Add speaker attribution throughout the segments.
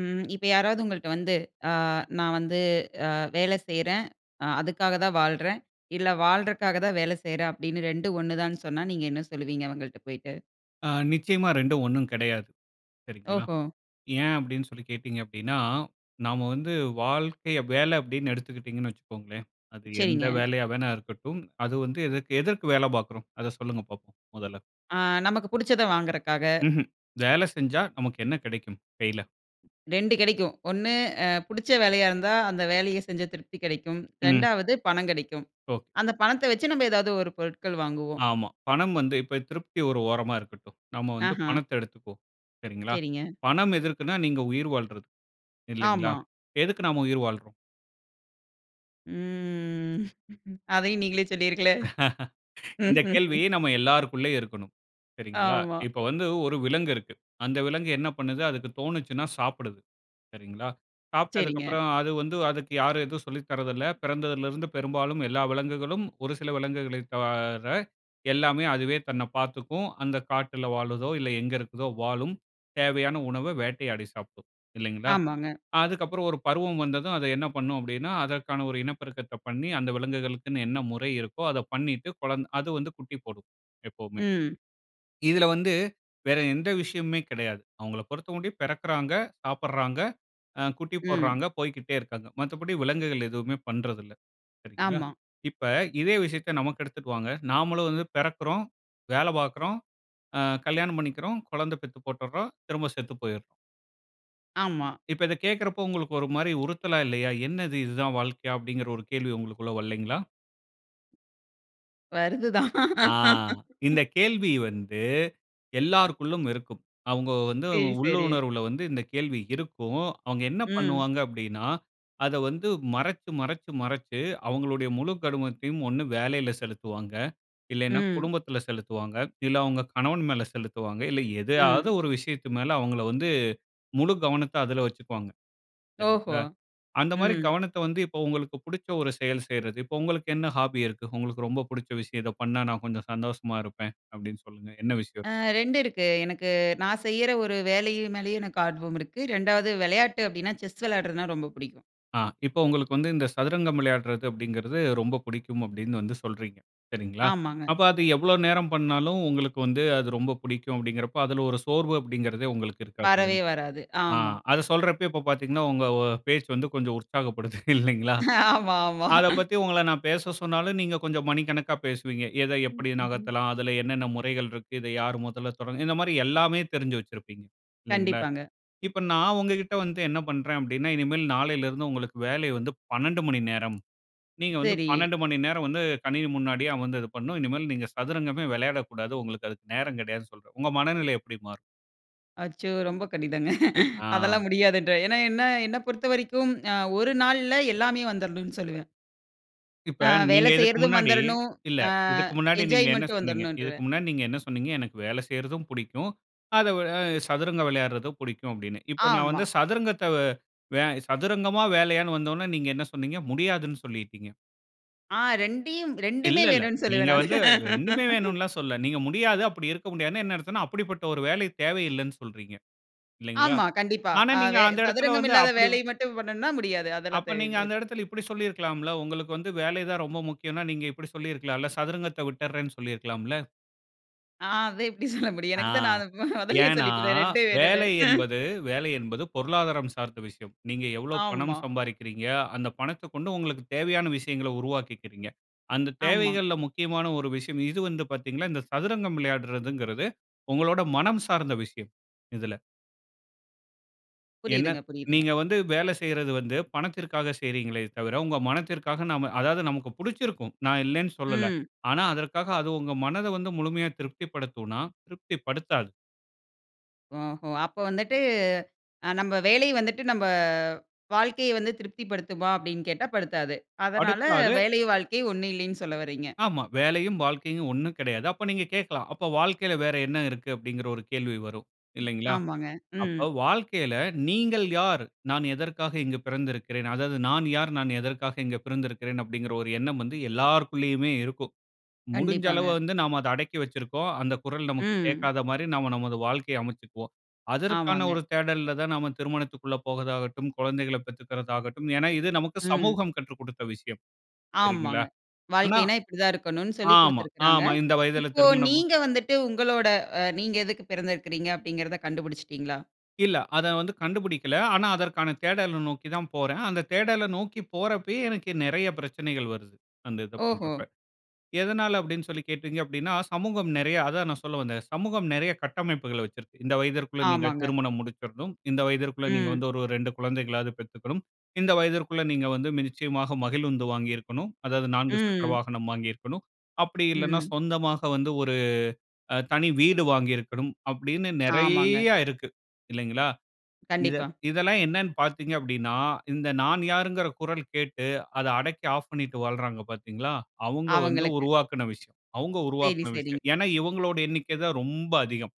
Speaker 1: ம். இப்ப யாராவது உங்கள்ட்ட வந்து, "அ நான் வந்து அ வேலை செய்றேன். அ அதுக்காக தான் வாழ்றேன். இல்ல வாழ்றக்காக தான் வேல செய்றேன்." அப்பிடின்னு 2 ம் 1 தான்னு சொன்னா, நீங்க என்ன சொல்லுவீங்க? அவுங்கள்ட போயிட்டு.
Speaker 2: ஆ நிச்சயமா 2 ம் 1 கெடையாது. சரிங்களா?
Speaker 1: ஓஹோ!
Speaker 2: ஏன் அப்படீன்னு சொல்லி கேட்டீங்க அப்படீன்னா, நாம வந்து வாழ்க்கைய வேல அப்படீன்னு எடுத்துக்கிட்டீங்கன்னு வச்சிக்கோங்களேன், அது எந்த
Speaker 1: சரிங்க.
Speaker 2: வேலையா வேணா இருக்கட்டும், அது வந்து எதற்கு எதற்கு வேல பார்க்கிறோம்? அத சொல்லுங்க பார்ப்போம். முதல்ல.
Speaker 1: ஆ நமக்கு புடிச்சத வாங்குறக்காக.
Speaker 2: ம்ஹ்ம். வேல செஞ்சா நமக்கு என்ன கிடைக்கும். கையில?
Speaker 1: 2 கிடைக்கும். 1 அ புடிச்ச வேலையா இருந்தா, அந்த வேலையை செஞ்ச திருப்தி கிடைக்கும்.
Speaker 2: ம்.
Speaker 1: 2 வது பணம் கிடைக்கும்.
Speaker 2: ஓ!
Speaker 1: அந்த பணத்த வச்சு, நம்ம எதாவது ஒரு பொருட்கள் வாங்குவோம்.
Speaker 2: ஆமா. பணம் வந்து இப்ப திருப்தி ஒரு ஓரமா இருக்கட்டும். நாம வந்து
Speaker 1: ஆஹா!
Speaker 2: பணத்த எடுத்துக்குவோம். சரிங்களா?
Speaker 1: சரிங்க.
Speaker 2: பணம் எதற்குன்னா, நீங்க உயிர் வாழ்றதுக்கு இல்லேங்களா?
Speaker 1: ஆமா.
Speaker 2: எதுக்கு நாம உயிர் வாழ்றோம்?
Speaker 1: ம். அதையும் நீங்களே சொல்லியிருங்களே.
Speaker 2: இந்த கேள்வி நம்ம எல்லாருக்குள்ளேயும் இருக்கணும். சரிங்களா?
Speaker 1: ஆமா.
Speaker 2: இப்ப வந்து ஒரு விலங்கு இருக்கு. அந்த விலங்கு என்ன பண்ணுது? அதுக்கு தோணுச்சுனா சாப்பிடுது, சரிங்களா?
Speaker 1: சரிங்க.
Speaker 2: சாப்பிட்டதுக்கப்பறம் அது வந்து அதுக்கு யாரும் எதுவும் சொல்லி தரதில்ல. பிறந்ததிலிருந்து பெரும்பாலும் எல்லா விலங்குகளும், ஒரு சில விலங்குகளை தவிர எல்லாமே அதுவே தன்னை பார்த்துக்கும், அந்த காட்டுல வாழுதோ, இல்ல எங்க இருக்குதோ, வாழும். தேவையான உணவ வேட்டையாடி சாப்பிடும், இல்லைங்களா?
Speaker 1: ஆமாங்க.
Speaker 2: அதுக்கப்புறம் ஒரு பருவம் வந்ததும் அது என்ன பண்ணும் அப்படீன்னா, அதற்கான ஒரு இனப்பெருக்கத்த பண்ணி அந்த விலங்குகளுக்குன்னு என்ன முறை இருக்கோ, அத பண்ணிட்டு குழந்த அது வந்து குட்டி போடும் எப்பவுமே.
Speaker 1: ம்.
Speaker 2: இதில வந்து வேற எந்த விஷயமுமே கிடையாது. அவுங்கள பொருத்தமட்டிலும் பிறக்கிறாங்க, சாப்பிட்றாங்க, அ குட்டி
Speaker 1: ம்.
Speaker 2: போடுறாங்க, போய்க்கிட்டே இருக்காங்க. மத்தபடி விலங்குகள் எதுவுமே பண்றதில்ல, சரிங்களா?
Speaker 1: ஆமா.
Speaker 2: இப்ப இதே விஷயத்த நமக்கு எடுத்துட்டு வாங்க, நாமளும் வந்து பிறக்கிறோம், வேலை பார்க்கிறோம், அ கல்யாணம் பண்ணிக்கிறோம். குழந்தை பெத்து போட்டுட்றோம். திரும்ப செத்து போயிர்றோம்.
Speaker 1: ஆமா.
Speaker 2: இப்ப இத கேக்குறப்ப உங்களுக்கு, ஒரு மாரி உறுத்தலா இல்லையா? என்னது, இது தான் வாழ்க்கையா? அப்பிடீங்கிற ஒரு கேள்வி உங்களுக்குள்ள வல்லைங்களா?
Speaker 1: வருது தான்.
Speaker 2: ஆ! இந்த கேள்வி வந்து எல்லாருக்குள்ளும் இருக்கும். அவுங்க வந்து
Speaker 1: சரி, சரி.
Speaker 2: உள்ளுணர்வுல வந்து, இந்த கேள்வி இருக்கும். அவங்க என்ன
Speaker 1: ம்.
Speaker 2: பண்ணுவாங்க அப்டீன்னா, அத வந்து மறச்சு மறச்சு மறச்சு அவுங்களுடைய முழுக் கவனத்தையும் ஒண்ணு வேலைல செலுத்துவாங்க. இல்லைனா,
Speaker 1: ம்.
Speaker 2: குடும்பத்துல செலுத்துவாங்க. இல்ல, அவங்க கணவன் மேல செலுத்துவாங்க. இல்ல, எதையாவது
Speaker 1: ம்.
Speaker 2: ஒரு விஷயத்து மேல, அவங்கள வந்து முழு கவனத்த அதுல வச்சுக்குவாங்க,
Speaker 1: ஓஹோ!
Speaker 2: சரிங்களா. அந்த மாரி
Speaker 1: ம்.
Speaker 2: கவனத்த வந்து இப்போ உங்களுக்கு புடிச்ச ஒரு செயல் செய்றது. இப்ப உங்களுக்கு என்ன ஹாபி இருக்கு? உங்களுக்கு ரொம்ப புடுச்ச விஷயம். "இத பண்ணா நான் கொஞ்சம் சந்தோஷமா இருப்பேன்" அப்பிடீன்னு சொல்லுங்க. என்ன விஷயம்?
Speaker 1: அ 2 இருக்கு. எனக்கு நான் செய்யிற ஒரு வேலையு மேலயும் எனக்கு ஆர்வம் இருக்கு. 2வது விளையாட்டு அப்பிடீன்னா, செஸ் விளையாடுறதுனா ரொம்ப பிடிக்கும்.
Speaker 2: அ இப்ப உங்களுக்கு வந்து இந்த சதுரங்கம் விளையாடுறது அப்டீங்கிறது, ரொம்ப பிடிக்கும் அப்டீன்னு வந்து சொல்றீங்க. சரிங்களா?
Speaker 1: ஆமாங்க.
Speaker 2: அப்ப அது எவ்ளோ நேரம் பண்ணாலும் உங்களுக்கு வந்து, அது ரொம்ப பிடிக்கும் அப்டீங்கின்றப்ப அதுல ஒரு சோர்வு அப்டீங்கிறதே உங்களுக்கு இருக்காது, இல்ல
Speaker 1: வரவே வராது.
Speaker 2: அ
Speaker 1: ஆமா.
Speaker 2: அத சொல்றப்பயே, இப்ப பார்த்தீங்கன்னா, உங்க அ பேச்சு வந்து கொஞ்சம் உற்சாகப்படுது, இல்லைங்களா?
Speaker 1: ஆமா, ஆமா.
Speaker 2: அத பத்தி உங்கள நான் பேச சொன்னாலும் நீங்க கொஞ்சம் மணிக்கணக்கா பேசுவீங்க. எத
Speaker 1: ம்,
Speaker 2: எப்படி
Speaker 1: ம்ஹ்ம்.
Speaker 2: நகத்தலாம்? அதுல என்னன்ன முறைகள் இருக்கு? இத யார் முதல்ல தொடங்க இந்த மாரி எல்லாமே தெரிஞ்சு வச்சிருப்பீங்க, இல்லைங்களா?
Speaker 1: கண்டிப்பாங்க.
Speaker 2: இப்ப நான் உங்ககிட்ட வந்து என்ன பண்றேன் அப்டீன்னா இனிமேல் நாளைலலிருந்து உங்களுக்கு வேலை வந்து 12 மணி நேரம். நீங்க வந்து
Speaker 1: சரி.
Speaker 2: 12 மணி நேரம் வந்து, கணினி முன்னாடியே அமர்ந்து இது பண்ணணும். இனிமேல் நீங்க சதுரங்கமே விளையாடக்கூடாது. உங்களுக்கு அதுக்கு நேரம் கிடையாதுன்னு சொல்றேன். உங்க மனநிலை எப்பிடி மாறும்?
Speaker 1: அச்சோ! ரொம்ப கடினங்க.
Speaker 2: ஆ.
Speaker 1: அதெல்லாம் முடியாதுன்றேன். ஏன்னா, என்ன என்ன பொறுத்தவரைக்கும் அ ஒரு நாள்ல எல்லாமே வந்துர்றணும்னு சொல்வேன்.
Speaker 2: இப்ப
Speaker 1: ஆ
Speaker 2: நீங்க
Speaker 1: வேலை
Speaker 2: இதுக்கு
Speaker 1: செய்றதும்
Speaker 2: முன்னாடி,
Speaker 1: வந்துரணும்.
Speaker 2: இல்ல
Speaker 1: ஆ
Speaker 2: இதுக்கு முன்னாடி நீங்க என்ன
Speaker 1: என்ஜாய்மெண்ட்டும்
Speaker 2: சொன்னீங்க? இதுக்கு
Speaker 1: வந்துரணுன்றுவேன்.
Speaker 2: முன்னாடி நீங்க என்ன சொன்னீங்க, எனக்கு வேல செய்றதும் புடிக்கும், அத வ எ சதுரங்க விளையாடுறதும் புடிக்கும் அப்பிடின்னு. இப்ப நான் வந்து
Speaker 1: ஆமா.
Speaker 2: சதுரங்கத்த வே வே சதுரங்கமா? வேலையான்னு வந்த ஒன்னே, நீங்க என்ன சொன்னீங்க? முடியாதுன்னு சொல்லிட்டீங்க.
Speaker 1: ஆ 2ஐயும்,
Speaker 2: இல்ல,
Speaker 1: 2மே
Speaker 2: இல்ல.
Speaker 1: வேணுன்னு
Speaker 2: நீங்க
Speaker 1: சொல்லுவேன் நானு.
Speaker 2: வந்து 2மே வேணுண்லாம் சொல்லல. நீங்க முடியாது, அப்பிடி இருக்க முடியாதுன்னா என்ன அர்த்தம்ன்னா, அப்படிப்பட்ட ஒரு வேலை தேவை இல்லன்னு சொல்றீங்க, இல்லங்களா?
Speaker 1: ஆமா. கண்டிப்பா.
Speaker 2: ஆனா,
Speaker 1: அ
Speaker 2: நீங்க
Speaker 1: வெ
Speaker 2: அந்த எடத்துல
Speaker 1: சதுரங்கம்
Speaker 2: வந்து
Speaker 1: இல்லாத
Speaker 2: அப்பிடி வா
Speaker 1: வேலைய மட்டும் பண்ணணும்னா முடியாது. அதெல்லாம்
Speaker 2: அப்ப நீங்க,
Speaker 1: தேவையில்லை
Speaker 2: அந்த
Speaker 1: தான்.
Speaker 2: எடத்துல இப்புடி சொல்லி இருக்கலாம்ல, உங்களுக்கு வந்து வேலை தான் ரொம்ப முக்கியம்ன்னா, நீங்க இப்புடி சொல்லி இருக்கலாம்ல, சதுரங்கத்த விட்டர்றேன்னு சொல்லியிருக்கலாம்ல.
Speaker 1: ஆ அது எப்பிடி சொல்ல முடியும்?
Speaker 2: ஆ.
Speaker 1: எனக்கு தான் நான் அத மொ மொதல்லயே
Speaker 2: ஏன்னா,
Speaker 1: சொல்லிட்டேனே, 2ஐயும், வேணும்னு.
Speaker 2: வேலை என்பது வேலை என்பது பொருளாதாரம் சார்ந்த விஷயம். நீங்க எவ்வளவு பணம்
Speaker 1: ஆமா.
Speaker 2: சம்பாரிக்கிறீங்க? அந்த பணத்த கொண்டு உங்களுக்கு தேவையான விஷயங்கள உருவாக்கிகிறீங்க. அந்த
Speaker 1: ஆமா.
Speaker 2: தேவைகள்ல்ல முக்கியமான ஒரு விஷயம், இது வந்து பாத்தீங்கன்னா, இந்த சதுரங்கம் விளையாடுறதுங்கிறது, உங்களோட மனம் சார்ந்த விஷயம், இதுல. என்ன
Speaker 1: புரியுதுங்க, புரியுதுங்க.
Speaker 2: நீங்க வந்து வேல செய்றது வந்து பணத்திற்காக செய்கிறீங்ளே தவிர, உங்க மனத்திற்காக நம்ம அதாவது நமக்கு புடிச்சிருக்கும். நான் இல்லன்னு சொல்லல.
Speaker 1: ம்.
Speaker 2: ஆனா, அதற்காக அது உங்க மனத வந்து முழுமையா திருப்தி படுத்துமானா? திருப்தி படுத்தாது.
Speaker 1: ஓஹோ! அப்போ வந்துட்டு அ நம்ப வேலை வந்துட்டு நம்ப வாழ்க்கைய வந்து திருப்தி படுத்துமா? அப்டீன்னு கேட்டா படுத்தாது. அதனால
Speaker 2: படுத்தாது.
Speaker 1: வேலை வாழ்க்கை ஒண்ணு இல்லின்னு சொல்ல வர்றீங்க.
Speaker 2: ஆமா. வேலையும் வாழ்க்கையும் ஒண்ணு கிடையாது. அப்ப நீங்க கேட்கலாம். அப்ப வாழ்க்கையில வேற என்ன இருக்கு? அப்டீன்ங்கிற ஒரு கேள்வி வரும் இல்லைங்களா?
Speaker 1: ஆமாங்க.
Speaker 2: அப்ப
Speaker 1: ம்.
Speaker 2: வாழ்க்கையில நீங்கள் யார்? நான் எதற்காக இங்கு பிறந்திருக்கிறேன்? அதாவது, நான் யார்? நான் எதற்காக இங்கு பிறந்திருக்கிறேன்? அப்டீங்கிற ஒரு எண்ணம் வந்து எல்லாருக்குள்ளேயுமே இருக்கும். முடிஞ்ச அளவு
Speaker 1: கண்டிப்பாங்க.
Speaker 2: வந்து நம்ம அத அடக்கி வச்சிருக்கோம். அந்த குரல் நமக்கு
Speaker 1: ம்.
Speaker 2: கேட்காத மாரி நம்ம நமது வாழ்க்கைய அமச்சிக்குவோம். அதற்கான
Speaker 1: ஆமாங்க.
Speaker 2: ஒரு தேடல்ல தான் நம்ம திருமணத்திக்குள்ள போவதாகட்டும், குழந்தைகள பெத்துக்கறதாகட்டும். ஏனா, இது நமக்கு
Speaker 1: ம்.
Speaker 2: சமூகம் கற்றுக் கொடுத்த விஷயம். சரிங்களா?
Speaker 1: ஆமாங்க.
Speaker 2: ஆனா
Speaker 1: வாழ்க்கைனா இப்டி தான் இருக்கணுனு சொல்லிக்
Speaker 2: ஆமா,
Speaker 1: குடுத்திருக்குறாங்க.
Speaker 2: ஆமா. இந்த வயதுல
Speaker 1: இப்போ
Speaker 2: திருமணம்.
Speaker 1: நீங்க வந்துட்டு உங்களோட அ நீங்க எதுக்கு பிறந்திருக்கிறீங்க? அப்டீங்கிறத கண்டுபிடிச்சிடீங்களா?
Speaker 2: இல்ல, அத வந்து கண்டுபுடிக்கல. ஆனா, அதற்கான தேடல நோக்கி தான் போறன். அந்த தேடல நோக்கி போறப்பயே எனக்கு நிறைய பிரச்சனைகள் வருது. அந்த இத பண்ற
Speaker 1: ஓஹோ!
Speaker 2: அப்ப. எதனால அப்டின்னு சொல்லி கேட்டீங்க அப்டீன்னா, சமூகம் நிறைய அதான் நான் சொல்ல வந்தேன். சமூகம் நிறைய கட்டமைப்புகள வச்சிருக்கு. இந்த வயதிற்குள்ள நீங்க
Speaker 1: ஆமாங்க.
Speaker 2: திருமணம் முடிச்சற்ணும். இந்த வயதிற்குள்ள நீங்க
Speaker 1: ம்.
Speaker 2: வந்து ஒரு 2 குழந்தைகளாவது பெத்துக்கணும். இந்த வயதிற்குள்ள நீங்க வந்து நிச்சயமாக மகிழுந்து வாங்கியிருக்கணும். அதாவது, 4 சக்கர
Speaker 1: ம்.
Speaker 2: வாகனம் வாங்கியிருக்கணும். அப்டி இல்லனா
Speaker 1: ம்.
Speaker 2: சொந்தமாக வந்து ஒரு அ தனி வீடு வாங்கியிருக்கணும். அப்டீன்னு
Speaker 1: ஆமாங்க.
Speaker 2: நிறைய இருக்கு. இல்லைங்களா? இத
Speaker 1: கண்டிப்பா.
Speaker 2: இதெல்லாம் என்னன்னு பார்த்தீங்க அப்டீன்னா, இந்த நான் யார்ங்கிற குரல் கேட்டு அத அடக்கி ஆஃப் பண்ணிட்டு வாழ்றாங்க பார்த்தீங்களா, அவங்க வந்து
Speaker 1: அவங்களுக்கு.
Speaker 2: உருவாக்குன விஷயம். அவங்க
Speaker 1: சரி,
Speaker 2: உருவாக்குன
Speaker 1: சரி.
Speaker 2: விஷயம். ஏன்னா, இவங்களுடைய எண்ணிக்க தான் ரொம்ப அதிகம்.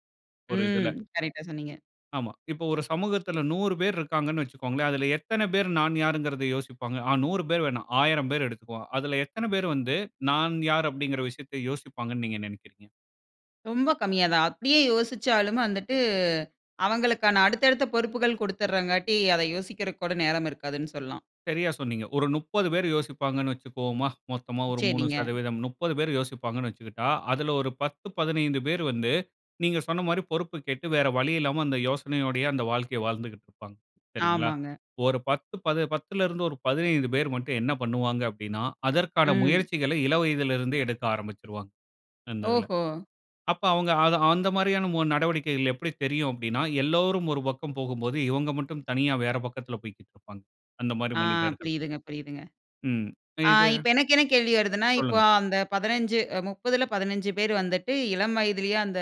Speaker 2: ஒரு
Speaker 1: ம்.
Speaker 2: இதுல.
Speaker 1: கரெக்ட்‌டா சொன்னீங்க.
Speaker 2: ஆமா. இப்போ ஒரு சமூகத்துல, 100 பேர் இருக்காங்கன்னு வச்சுக்கோங்களேன். அதுல எத்தன பேரு, நான் யாருங்கிறத யோசிப்பாங்க. ஆ 100 பேரு வேணாம். 1000 பேரு எடுத்துக்குவோம். அதுல எத்தன பேரு வந்து, "நான் யாரு" அப்படிங்கிற விஷயத்தை யோசிப்பாங்கன்னு, நீங்க நெனைக்கிறீங்க?
Speaker 1: ரொம்ப கம்மியா தான். அப்பிடியே யோசிச்சாலும் வந்துட்டு அவங்களுக்கான அடுத்த அடுத்த பொறுப்புகள் குடுத்துறங்காட்டி, அதை யோசிக்கிறதுக்கு கூட நேரம் இருக்காதுன்னு சொல்லலாம்.
Speaker 2: சரியா சொன்னீங்க. ஒரு 30 பேரு யோசிப்பாங்கன்னு வச்சிக்குவோமா? மொத்தமா ஒரு 3
Speaker 1: சரிங்க.
Speaker 2: சதவீதம். 30 பேரு யோசிப்பாங்கன்னு வச்சுக்கிட்டா, அதுல ஒரு 10, 15 பேரு வந்து, நீங்க சொன்ன மாரி பொறுப்பு கேட்டு, வேற வழியில்லாம அந்த யோசனையோடையே அந்த வாழ்க்கைய வாழ்ந்துகிட்டு இருப்பாங்க, சரிங்களா?
Speaker 1: ஆமாங்க.
Speaker 2: ஒரு 10 பது பத்துலருந்து ஒரு 15 பேர் மட்டும், என்ன பண்ணுவாங்க அப்படின்னா, அதற்கான
Speaker 1: ம்.
Speaker 2: முயற்சிகளை இளவயதுல இருந்தே எடுக்க ஆரம்பிச்சுருவாங்க, அந்த இதுல.
Speaker 1: ஓஹோ!
Speaker 2: அப்போ அவுங்க‍ அது அந்த மாரியான மு நடவடிக்கைகள், எப்பிடி தெரியும் அப்படின்னா, எல்லோரும் ஒரு பக்கம் போகும்போது, இவங்க மட்டும் தனியா வேற பக்கத்துல, போய்க்கிட்டு இருப்பாங்க. அந்த மாரி
Speaker 1: ஆ
Speaker 2: மனிதர்கள்.
Speaker 1: புரியுதுங்க, புரியுதுங்க.
Speaker 2: ம்,
Speaker 1: ஆ
Speaker 2: இது
Speaker 1: இப்ப எனக்கு என்ன கேள்வி வருதுன்னா, இப்போ
Speaker 2: சொல்லுங்க.
Speaker 1: அந்த 15, அ 30ல 15 பேர் வந்துட்டு இளம் வயதுலயே அந்த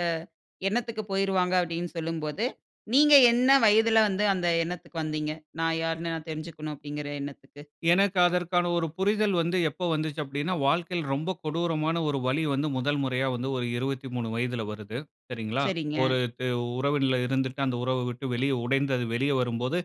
Speaker 1: எண்ணத்துக்கு போயிருவாங்க, அப்பிடின்னு சொல்லும்போது, நீங்க என்ன வயதுல வந்து, அந்த எண்ணத்துக்கு வந்தீங்க? நான் யாருன்னு, நான் தெரிஞ்சுக்கணும் அப்படிங்கிற எண்ணத்துக்கு?
Speaker 2: எனக்கு அதற்கான ஒரு புரிதல் வந்து, எப்போ வந்துச்சு அப்படின்னா, வாழ்க்கையில ரொம்ப கொடூரமான ஒரு வலி வந்து, முதல் முறையா வந்து ஒரு 23 வயதுல வருது, சரிங்களா?
Speaker 1: சரிங்க.
Speaker 2: ஒரு து உறவின்ல இருந்துட்டு, அந்த உறவ விட்டு வெளிய உடைந்து அது வெளிய வரும்போது,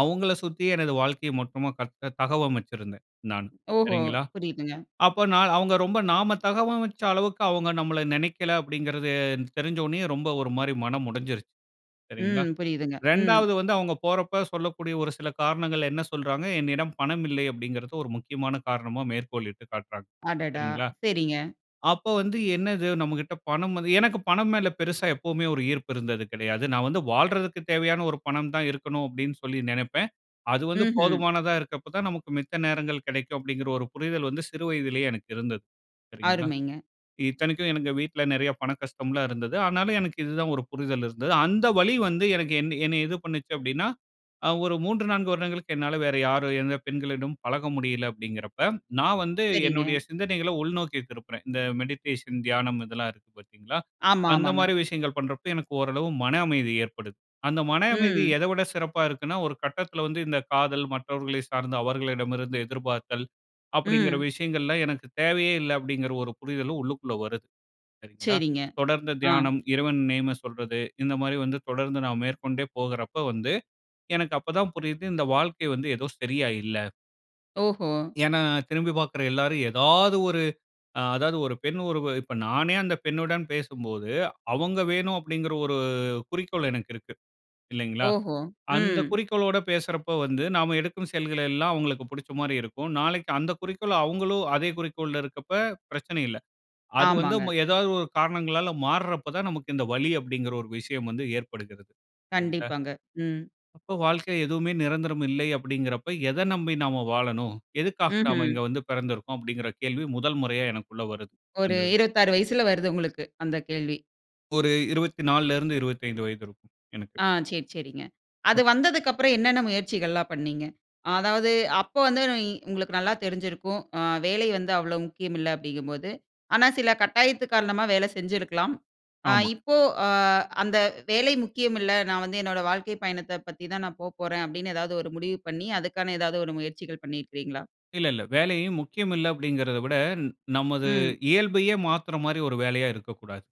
Speaker 2: அவுங்கள சுத்தி, எனது வாழ்க்கைய மொத்தமா கட்டுனே தகவமைச்சிருந்தேன், நான்.
Speaker 1: ஓஹோ!
Speaker 2: சரிங்களா?
Speaker 1: புரியுதுங்க.
Speaker 2: அப்ப நான் அவுங்க ரொம்ப நாம தகவமைச்ச அளவுக்கு, அவுங்க நம்மள நெனக்கல, அப்படிங்கிறது தெரிஞ்ச ஒடனேயே, ரொம்ப ஒரு மாரி மனம் உடைஞ்சிருச்சு. சரிங்களா?
Speaker 1: ம், புரியுதுங்க, ம்.
Speaker 2: ரெண்டாவது வந்து, அவுங்க போறப்ப சொல்லக்கூடிய ஒரு சில காரணங்கள், என்ன சொல்றாங்க, "என்னிடம் பணம் இல்லை" அப்படிங்கிறத ஒரு முக்கியமான காரணமா மேற்கோள் இட்டு காட்றாங்க,
Speaker 1: அடடா!
Speaker 2: சரிங்களா?
Speaker 1: சரிங்க.
Speaker 2: அப்போ வந்து, என்னது! நம்ம கிட்ட பணம் வந்து எனக்கு பணம் மேலே பெருசா எப்பவுமே ஒரு ஈர்ப்பு இருந்தது கெடையாது. நான் வந்து வாழ்றதுக்கு தேவையான ஒரு பணம் தான் இருக்கணும் அப்படின்னு சொல்லி நெனப்பேன். அது வந்து
Speaker 1: ம்ஹ்ம்.
Speaker 2: போதுமானதா இருக்கப்ப தான், நமக்கு மித்த நேரங்கள் கெடைக்கும் அப்படிங்கிற ஒரு புரிதல் வந்து, சிறு வயதுலயே எனக்கு இருந்தது, சரிங்களா?
Speaker 1: அருமைங்க.
Speaker 2: இத்தனைக்கும் எனக்கு வீட்ல, நெறையா பண கஷ்டம்லாம் இருந்தது. ஆனாலும், எனக்கு இதுதான் ஒரு புரிதல் இருந்தது. அந்த வலி வந்து எனக்கு என்ன என்னை இது பண்ணுச்சு அப்படின்னா, அ ஒரு 3, 4 வருடங்களுக்கு என்னால வேற யாரு, எந்த பெண்களிடமும் பழக முடியல அப்படிங்கிறப்ப, நான் வந்து
Speaker 1: சரிங்க.
Speaker 2: என்னுடைய சிந்தனைகள உள்நோக்கி திருப்புறேன். இந்த மெடிடேஷன் தியானம் இதெல்லாம் இருக்கு, பாத்தீங்களா?
Speaker 1: ஆமா,
Speaker 2: அந்த மாரி
Speaker 1: ஆமாங்க.
Speaker 2: விஷயங்கள் பண்றப்போ, எனக்கு ஓரளவு மன அமைதி ஏற்படுது. அந்த மன அமைதி
Speaker 1: ம்.
Speaker 2: எத விட சிறப்பா இருக்குன்னா, ஒரு கட்டத்துல வந்து, "இந்த காதல், மற்றவர்களை சார்ந்த, அவர்களிடமிருந்து எதிர்பார்த்தல்," அப்படிங்கிற
Speaker 1: ம்.
Speaker 2: விஷயங்கள்லாம் எனக்கு தேவையே இல்லை, அப்படிங்கிற ஒரு புரிதலும் உள்ளுக்குள்ள வருது, சரிங்களா?
Speaker 1: சரிங்க.
Speaker 2: தொடர்ந்த
Speaker 1: ஆ.
Speaker 2: தியானம். இறைவன் நேம சொல்றது, இந்த மாரி வந்து தொடர்ந்து நான் மேற்கொண்டே போகுறப்ப வந்து, எனக்கு அப்ப தான் புரியுது இந்த வாழ்க்கை வந்து ஏதோ சரியா இல்ல.
Speaker 1: ஓஹோ!
Speaker 2: ஏன்னா, திரும்பி பாக்குற எல்லாரும், ஏதாவது ஒரு அ அதாவது ஒரு பெண் ஒருவ இப்ப நானே அந்த பெண்ணுடன் பேசும்போது, அவுங்க வேணும், அப்பிடிங்கிற ஒரு குறிக்கோள் எனக்கு இருக்கு. இல்லங்களா?
Speaker 1: ஓஹோ!
Speaker 2: அந்த
Speaker 1: ம்.
Speaker 2: குறிக்கோளோட பேசுறப்ப வந்து, நாம எடுக்கும் செயல்கள் எல்லாம் அவுங்களுக்கு புடிச்சமாரி இருக்கும். நாளைக்கு அந்த குறிக்கோள் அவுங்களும் அதே குறிக்கோள்ல இருக்கப்ப, பிரச்சனை இல்ல. அது வந்து
Speaker 1: ஆமாங்க.
Speaker 2: ம ஏதாவது ஒரு காரணங்களால மாறுறப்ப தான், நமக்கு இந்த வலி அப்பிடிங்கிற ஒரு விஷயம் வந்து ஏற்படுகிறது. இல்லங்களா?
Speaker 1: கண்டிப்பாங்க. ம்.
Speaker 2: அப்போ, வாழ்க்கையில எதுவுமே நிரந்தரம் இல்லை, அப்பிடிங்கிறப்ப, "எத நம்பி நாம வாழணும்? எதுக்காக நாம இங்க
Speaker 1: ம்ஹ்ம்.
Speaker 2: வந்து பெறந்திருக்கோம்?" அப்பிடிங்கிற கேள்வி முதல் முறையா எனக்குள்ள வருது.
Speaker 1: ஒரு
Speaker 2: அந்த
Speaker 1: 26 வயசுல வருது உங்களுக்கு, அந்த கேள்வி.
Speaker 2: ஒரு 24ல இருந்து 25 வயது இருக்கும், எனக்கு.
Speaker 1: ஆ சரி, சரிங்க. அது
Speaker 2: [unintelligible]
Speaker 1: வந்ததுக்கப்புறம், என்னன்ன முயற்சிகள்லாம் பண்ணீங்க? அதாவது அப்ப வந்து, நொய் உங்களுக்கு நல்லா தெரிஞ்சிருக்கும். அ வேலை வந்து அவ்ளோ முக்கியம் இல்ல அப்டிங்கும்போது ஆனா, சில கட்டாயத்தின் காரணமா, வேல செஞ்சிருக்கலாம். அ
Speaker 2: ஆமா.
Speaker 1: இப்போ அ அந்த வேலை முக்கியம் இல்ல. நான் வந்து என்னோட வாழ்க்கைப் பயணத்த பத்தி தான் நான் போக போறேன், அப்பிடின்னு எதாவது ஒரு முடிவு பண்ணி, அதுக்கான ஏதாவது ஒரு முயற்சிகள் பண்ணியிருக்கிறீங்களா?
Speaker 2: இல்ல, இல்ல வேலையும் முக்கியம் இல்ல அப்பிடிங்கிறதவிட, ந நமது
Speaker 1: ம்.
Speaker 2: இயல்பையே மாத்துறமாரி ஒரு வேலையா இருக்கக்கூடாது,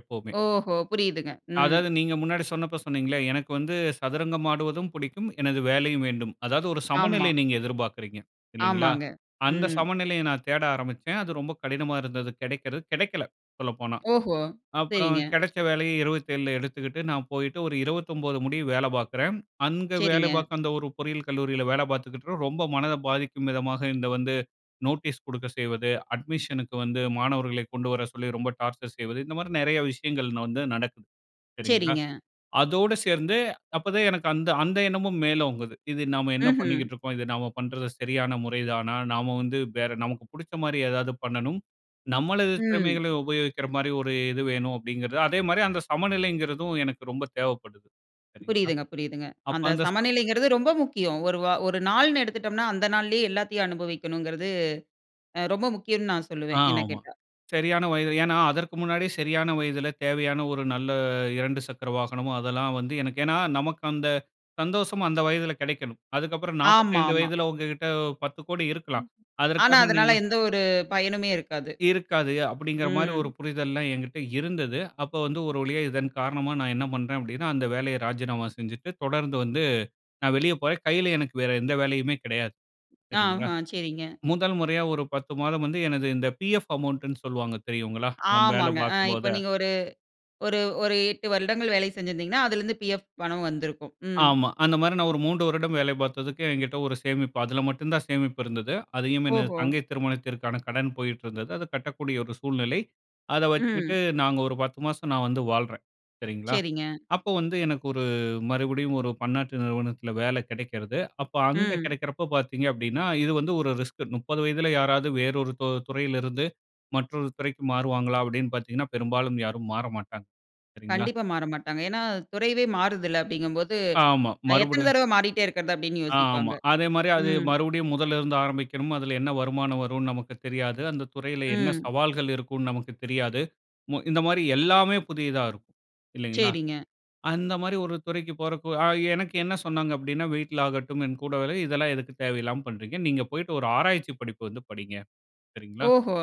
Speaker 2: எப்பவுமே.
Speaker 1: ஓஹோ! புரியுதுங்க. ம்.
Speaker 2: அதாவது, நீங்க முன்னாடி சொன்னப்ப சொன்னீங்களே, எனக்கு வந்து சதுரங்கமாடுவதும் புடிக்கும், எனது வேலையும் வேண்டும். அதாவது, ஒரு சமநிலைய
Speaker 1: ஆமா.
Speaker 2: நீங்க எதிர்பாக்குறீங்க. இல்லங்களா?
Speaker 1: ஆமாங்க.
Speaker 2: அந்த
Speaker 1: ம்.
Speaker 2: சமநிலைய நான் தேட ஆரம்பிச்சேன். அது ரொம்ப கடினமா இருந்தது, கெடைக்கிறது கெடைக்கல, சொல்லப்போனா.
Speaker 1: ஓஹோ!
Speaker 2: அப்புறம்,
Speaker 1: சரிங்க.
Speaker 2: கெடைச்ச வேலைய 27ல எடுத்துக்கிட்டு, நான் போயிட்டு ஒரு 29 முடிய வேல பாக்குறேன். அங்க வேல
Speaker 1: சரிங்க.
Speaker 2: பாக்க அந்த ஒரு பொறியியல் கல்லூரியில வேல பாத்துக்கிட்ருக்கப்ப ரொம்ப மனத பாதிக்கும் விதமாக, இந்த வந்து நோட்டீஸ் குடுக்க செய்வது, அட்மிஷனுக்கு வந்து மாணவர்களை கொண்டு வர சொல்லி ரொம்ப டார்ச்சர் செய்வது, இந்தமாரி நெறைய விஷயங்கள் ந வந்து நடக்குது, சரிங்களா?
Speaker 1: சரிங்க.
Speaker 2: அதோட சேர்ந்து அப்பதான் எனக்கு அந்த அந்த எண்ணமும் மேலோங்குது. இது "நாம என்ன
Speaker 1: ம்ஹ்ம்.
Speaker 2: பண்ணிக்கிட்டு இருக்கோம்? இது நாம பண்றது, சரியான முறைதானா? நாம வந்து, வேற நமக்கு புடிச்சமாரி ஏதாவது பண்ணணும். நம்மளது
Speaker 1: ம்.
Speaker 2: திறமைகள உபயோகிக்கிற மாரி ஒரு இது வேணும்" அப்பிடிங்கிறது, அதேமாரி அந்த சமநிலைங்கிறதும் எனக்கு ரொம்ப தேவைப்படுது. சரிங்களா?
Speaker 1: புரியுதுங்க, புரியுதுங்க.
Speaker 2: அப்போ,
Speaker 1: அந்த
Speaker 2: அந்த ச
Speaker 1: சமநிலைங்கிறது ரொம்ப முக்கியம். ஒரு வா ஒரு நாள்னு எடுத்துட்டோம்னா, அந்த நாள்லயே எல்லாத்தையும் அனுபவிக்கணுங்கிறது அ ரொம்ப முக்கியம்னு நான்
Speaker 2: ஆ,
Speaker 1: சொல்லுவேன், என்னக்
Speaker 2: ஆமா.
Speaker 1: கேட்டா.
Speaker 2: சரியான வயது. ஏன்னா, அதற்கு முன்னாடி சரியான வயதுல தேவையான ஒரு நல்ல 2 சக்கர வாகனமோ, அதெல்லாம் வந்து எனக்கு ஏன்னா, நமக்கு அந்த சந்தோஷமும் அந்த வயதுல கெடைக்கணும். அதுக்கப்புறம், 45
Speaker 1: ஆமாமா.
Speaker 2: வயதுல உங்ககிட்ட 10 கோடி இருக்கலாம்.
Speaker 1: ஆனா
Speaker 2: அதற்காக
Speaker 1: அதுனால
Speaker 2: நீங்க
Speaker 1: எந்த ஒரு பயனுமே இருக்காது.
Speaker 2: இருக்காது. அப்படிங்கிறமாரி ஒரு
Speaker 1: ம்.
Speaker 2: புரிதல்லாம் என்கிட்ட இருந்தது. அப்போ வந்து, ஒரு வழியா இதன் காரணமா நான் என்ன பண்றேன் அப்படின்னா, அந்த வேலைய ராஜினாமா செஞ்சுட்டு, தொடர்ந்து வந்து நான் வெளிய போறேன். கையில எனக்கு வேற எந்த வேலையுமே கெடையாது. சரிங்களா?
Speaker 1: ஆஹா, சரிங்க.
Speaker 2: முதல் முறையா ஒரு 10 மாதம் வந்து, எனது இந்த பிஎஃப் அமௌண்டுன்னு சொல்லுவாங்க, தெரியுங்களா? நம்ம வேலை
Speaker 1: ஆமாங்க. ஆ இப்ப
Speaker 2: பாக்கும்போதே
Speaker 1: நீங்க ஒரு ஒரு ஒரு 8 வருடங்கள் வேலை செஞ்சிருந்தீங்கன்னா, அதுல இருந்து பிஎஃப் பணம் வந்துருக்கும். ம்.
Speaker 2: ஆமா. அந்தமாரி நான் ஒரு 3 வருடம் வேலை பாத்ததுக்கு என்கிட்ட ஒரு சேமிப்பு அதுல மட்டும் தான் சேமிப்பு இருந்தது. அதையும் எனது
Speaker 1: ஓஹோ!
Speaker 2: தங்கை திருமணத்திற்கான கடன் போயிட்டு இருந்தது. அது கட்டக்கூடிய ஒரு சூழ்நிலை. அத
Speaker 1: ம்.
Speaker 2: வச்சுக்கிட்டு, நாங்க ஒரு 10 மாசம் நான் வந்து வாழ்றேன். சரிங்களா?
Speaker 1: சரிங்க.
Speaker 2: அப்போ வந்து, எனக்கு ஒரு மறுபடியும் ஒரு பன்னாட்டு நிறுவனத்துல வேலை கெடைக்கிறது. அப்ப அங்க
Speaker 1: ம்.
Speaker 2: கெடைக்கிறப்ப பாத்தீங்க அப்பிடின்னா, இது வந்து ஒரு ரிஸ்க்கு. 30 வயதுல யாராவது வேறொரு தொ துறையில இருந்து, மற்றொரு துறைக்கு மாறுவாங்களா! அப்பிடின்னு பாத்தீங்கன்னா, பெரும்பாலும் யாரும் மாற மாட்டாங்க. சரிங்களா?
Speaker 1: கண்டிப்பா மாறமாட்டாங்க. ஏன்னா, துறையே மாறுதுல்ல, அப்படிங்கும்போது,
Speaker 2: ஆமா.
Speaker 1: அ எத்தன
Speaker 2: மறுபடியும்
Speaker 1: தடவ மாறிட்டே இருக்கிறது அப்பிடின்னு
Speaker 2: ஆ, ஆமா.
Speaker 1: யோசிப்பாங்க.
Speaker 2: அதேமாரி அது
Speaker 1: ம்.
Speaker 2: மறுபடியும் முதல்ல இருந்து ஆரம்பிக்கணும். அதுல என்ன வருமானம் வருன்னு நமக்கு தெரியாது. அந்த துறையில என்ன
Speaker 1: ம்.
Speaker 2: சவால்கள் இருக்குன்னு நமக்கு தெரியாது. மு இந்த மாரி எல்லாமே புதிதா இருக்கும், இல்லங்களா?
Speaker 1: சரிங்க.
Speaker 2: அந்தமாரி ஒரு துறைக்கு போறக்கு ஆ எனக்கு என்ன சொன்னாங்க அப்பிடின்னா, வீட்ல ஆகட்டும், என்கூட வேலை இதெல்லாம் எதுக்கு தேவையில்லாம பண்றீங்க? நீங்க போயிட்டு ஒரு ஆராய்ச்சி படிப்பு வந்து படிங்க. சரிங்களா?
Speaker 1: ஓஹோ!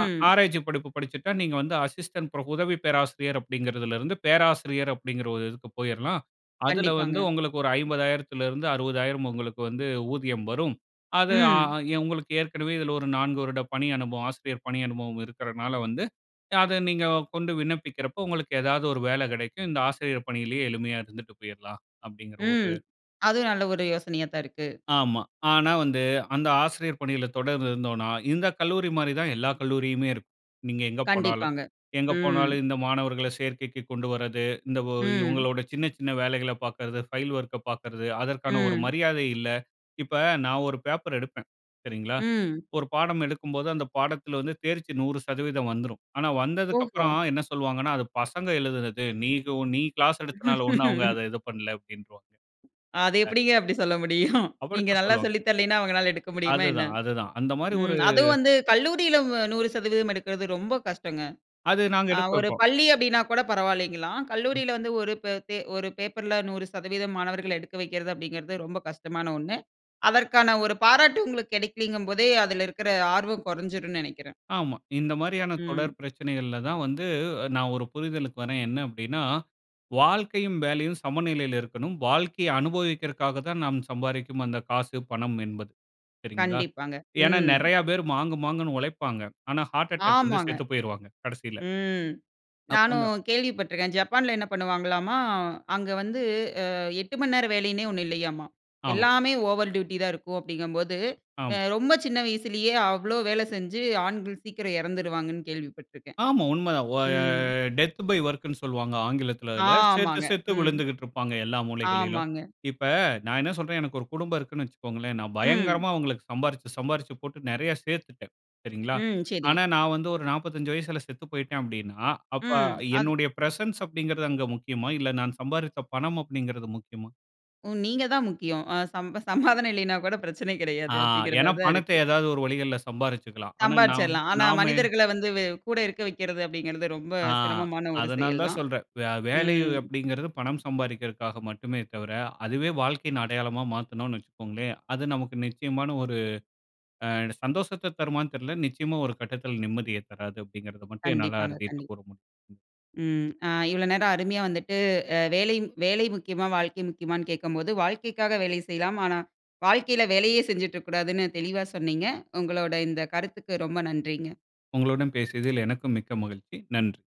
Speaker 2: அ ஆராய்ச்சி படிப்பு படிச்சிட்டா, நீங்க வந்து அசிஸ்டன்ட் ப்ரப் "உதவி பேராசிரியர்" அப்பிடிங்கிறதுல இருந்து, "பேராசிரியர்" அப்பிடிங்கிற ஒரு இதுக்கு போயிர்லாம். அதுல வந்து,
Speaker 1: கண்டிப்பாங்க.
Speaker 2: உங்களுக்கு ஒரு 50,000த்துல இருந்து 60,000 உங்களுக்கு வந்து ஊதியம் வரும். அது ஆ
Speaker 1: ம்.
Speaker 2: எ உங்களுக்கு ஏற்கனவே இதுல ஒரு 4 வருட பணி அனுபவம், ஆசிரியர் பணி அனுபவம் இருக்குறனால வந்து, ய அத நீங்க கொண்டு விண்ணப்பிக்கிறப்ப, உங்களுக்கு ஏதாவது ஒரு வேல கெடைக்கும். இந்த ஆசிரியர் பணியிலயே எளிமையா இருந்துட்டு போயிர்லாம், அப்பிடிங்கிற ஒரு
Speaker 1: ம் அதுவும் நல்ல ஒரு யோசனையா தான் இருக்கு.
Speaker 2: ஆமா. ஆனா வந்து அந்த ஆசிரியர் பணியில தொடர்ந்து இருந்தோன்னா, இந்த கல்லூரிமாரி தான் எல்லா கல்லூரியுமே இருக்கும், நீங்க எங்க போனாலும்.
Speaker 1: கண்டிப்பாங்க.
Speaker 2: எங்க
Speaker 1: ம்.
Speaker 2: போனாலும் இந்த மாணவர்கள சேர்க்கைக்கு கொண்டு வர்றது, இந்த ஒ
Speaker 1: ம்.
Speaker 2: இவுங்களோட சின்ன, சின்ன வேலைகள பாக்குறது ஃபைல் ஒர்க்க பாக்குறது, அதற்கான ஒரு
Speaker 1: ம்.
Speaker 2: மரியாதை இல்ல. இப்ப நான் ஒரு பேப்பர் எடுப்பேன். சரிங்களா?
Speaker 1: ம்.
Speaker 2: ஒரு பாடம் எடுக்கும்போது, அந்த பாடத்துல வந்து தேர்ச்சி 100% வந்துரும். ஆனா, வந்ததுக்கு
Speaker 1: ஓஹோ!
Speaker 2: அப்புறம் என்ன சொல்வாங்கன்னா, அது பசங்க எழுதுனது. நீகவு நீ கிளாஸ் எடுத்தனால ஒண்ணும் அவுங்க அத இது பண்ல, அப்பிடின்றுவாங்க.
Speaker 1: அது
Speaker 2: அ
Speaker 1: எப்பிடிங்க அப்பிடி சொல்ல முடியும்? நீங்க
Speaker 2: அப்படிதான்
Speaker 1: நல்லா
Speaker 2: சொல்லுவாங்க.
Speaker 1: சொல்லி தரலயின்னா, அவுங்கனால எடுக்க முடியுமா என்ன?
Speaker 2: அதுதான அதுதான். அந்தமாரி ஒரு
Speaker 1: ம் அதுவும் வந்து கல்லூரியில வ 100 சதவீதம் எடுக்கிறது ரொம்ப கஷ்டங்க.
Speaker 2: அது நாங்க
Speaker 1: அ
Speaker 2: எடுக்க
Speaker 1: ஒரு
Speaker 2: வப்போம்.
Speaker 1: பள்ளி அப்பிடின்னா கூட பரவாயில்லங்கலாம்.
Speaker 2: [unintelligible]
Speaker 1: கல்லூரியில வந்து ஒரு ப தே ஒரு பேப்பர்ல 100 சதவீதம் மாணவர்கள எடுக்க வைக்கிறது அப்பிடிங்கிறது ரொம்ப கஷ்டமான ஒன்னு. அதற்கான ஒரு பாராட்டு உங்களுக்கு கெடைக்கலங்கும்போதே அதுல இருக்குற ஆர்வம் கொறஞ்சிருன்னு நெனக்கிறேன்.
Speaker 2: ஆமா. இந்தமாரியான
Speaker 1: ம்.
Speaker 2: தொடர் பிரச்சனைகள்ல தான் வந்து அ நான் ஒரு புரிதலுக்கு வரேன். என்ன அப்பிடின்னா, "வாழ்க்கையும், வேலையும் சமநிலையில இருக்கணும். வாழ்க்கைய அனுபவிக்கிறதுக்காக தான் நாம் சம்பாரிக்கும் அந்த காசு, பணம் என்பது." சரிங்களா?
Speaker 1: கண்டிப்பாங்க.
Speaker 2: ஏன்னா,
Speaker 1: ம்.
Speaker 2: நெறையா பேரு மாங்கு, மாங்குன்னு ஒழைப்பாங்க. ஆனா, ஹார்ட் அட்டாக் வந்து
Speaker 1: ஆமாங்க.
Speaker 2: செத்து போயிருவாங்க, கடைசில.
Speaker 1: ம்
Speaker 2: அப்
Speaker 1: நானும்
Speaker 2: அந்த.
Speaker 1: கேள்விப்பட்டு இருக்கேன். ஜப்பான்ல என்ன பண்ணுவாங்களாம்மா, அங்க வந்து அ 8 மணி நேரம் வேலையின்னே ஒன்னு இல்லையாம்மா.
Speaker 2: ஆமா.
Speaker 1: எல்லாமே ஓவர் டியூட்டி தான் இருக்கும் அப்படிங்கும்போது, அ
Speaker 2: ஆமா.
Speaker 1: ரொம்ப சின்ன வயசுலயே அவ்ளோ வேல செஞ்சு ஆண்கள் சீக்கிரம் எறந்துருவாங்கன்னு கேள்விப்பட்டு இருக்கேன்.
Speaker 2: ஆமா உண்ம தான். ஓ ய
Speaker 1: ம்.
Speaker 2: டெத் பை ஒர்க்குன்னு சொல்வாங்க ஆங்கிலத்துல, அதுல. செத்து,
Speaker 1: ஆமாங்க.
Speaker 2: செத்து
Speaker 1: ம்.
Speaker 2: விழுந்துக்கிட்டு இருப்பாங்க. எல்லா மூளைகளிலும்.
Speaker 1: ஆமாங்க.
Speaker 2: இப்ப, நான் என்ன சொல்றேன், எனக்கு ஒரு குடும்பம் இருக்குன்னு வச்சிக்கோங்களேன். நான்
Speaker 1: ம்.
Speaker 2: பயங்கரமா அவுங்களுக்கு சம்பாரிச்சு, சம்பாரிச்சு போட்டு நெறையா சேத்துட்டேன். சரிங்களா?
Speaker 1: ம். சரி.
Speaker 2: ஆனா, நான் வந்து ஒரு 45 வயசுல செத்து போயிட்டேன் அப்பிடின்னா, அப்ப
Speaker 1: ம், அது
Speaker 2: என்னுடைய பிரசன்ஸ் அப்பிடிங்கிறது அங்க முக்கியமா? இல்ல, நான் சம்பாரிச்ச பணம் அப்பிடிங்கிறது முக்கியமா?
Speaker 1: ம். நீங்க தான் முக்கியம். அ சம்ப சமாதானம் இல்லையினாக்கூட பிரச்சனை
Speaker 2: ஆ
Speaker 1: கெடையாது. அப்பிடிங்கிற
Speaker 2: ஏன்னா,
Speaker 1: மாரிதான்
Speaker 2: பணத்த
Speaker 1: இருக்கு.
Speaker 2: எதாவது ஒரு வழிகள்ல சம்பாரிச்சுக்கலாம். ஆனா நான்
Speaker 1: சம்பாரிச்சிறலாம். ஆனா
Speaker 2: நாம
Speaker 1: மனிதர்கள வந்து வெ கூட இருக்க வக்கிறது அப்படிங்கிறது ரொம்ப
Speaker 2: ஆ,
Speaker 1: சிரமமான ஒரு
Speaker 2: அதனால
Speaker 1: செயல்
Speaker 2: தான்
Speaker 1: தான்.
Speaker 2: சொல்றேன். வே வேலை
Speaker 1: ம்.
Speaker 2: அப்பிடிங்கிறது, பணம் சம்பாரிக்கிறக்காக மட்டுமே தவிர, அதுவே வாழ்க்கையின் அடையாளமா மாத்துனோன்னு வச்சுக்கோங்களேன். அது நமக்கு நிச்சயமான ஒரு, அ சந்தோஷத்தத் தருமான்னு தெர்ல. நிச்சயமா ஒரு கட்டத்துல நிம்மதிய தராது, அப்பிடிங்கிறத மட்டும் என்னால
Speaker 1: கண்டிப்பாங்க,
Speaker 2: அறுதியிட்டு
Speaker 1: கண்டிப்பா.
Speaker 2: கூற முடியும். ம்.
Speaker 1: ம். ஆ இவ்வள நேரம் அருமையா வந்துட்டு அ வேலையின் வேலை முக்கியமா? வாழ்க்கை முக்கியமான்னு கேக்கும்போது வாழ்க்கைக்காக வேலை செய்யலாம். ஆனா, வாழ்க்கையில வேலையே செஞ்சிட்டு இருக்கக்கூடாதுன்னு தெளிவா சொன்னீங்க. உங்களோட இந்த கருத்துக்கு ரொம்ப நன்றிங்க.
Speaker 2: உங்களுடன் பேசியதில் எனக்கும் மிக்க மகிழ்ச்சி. நன்றி.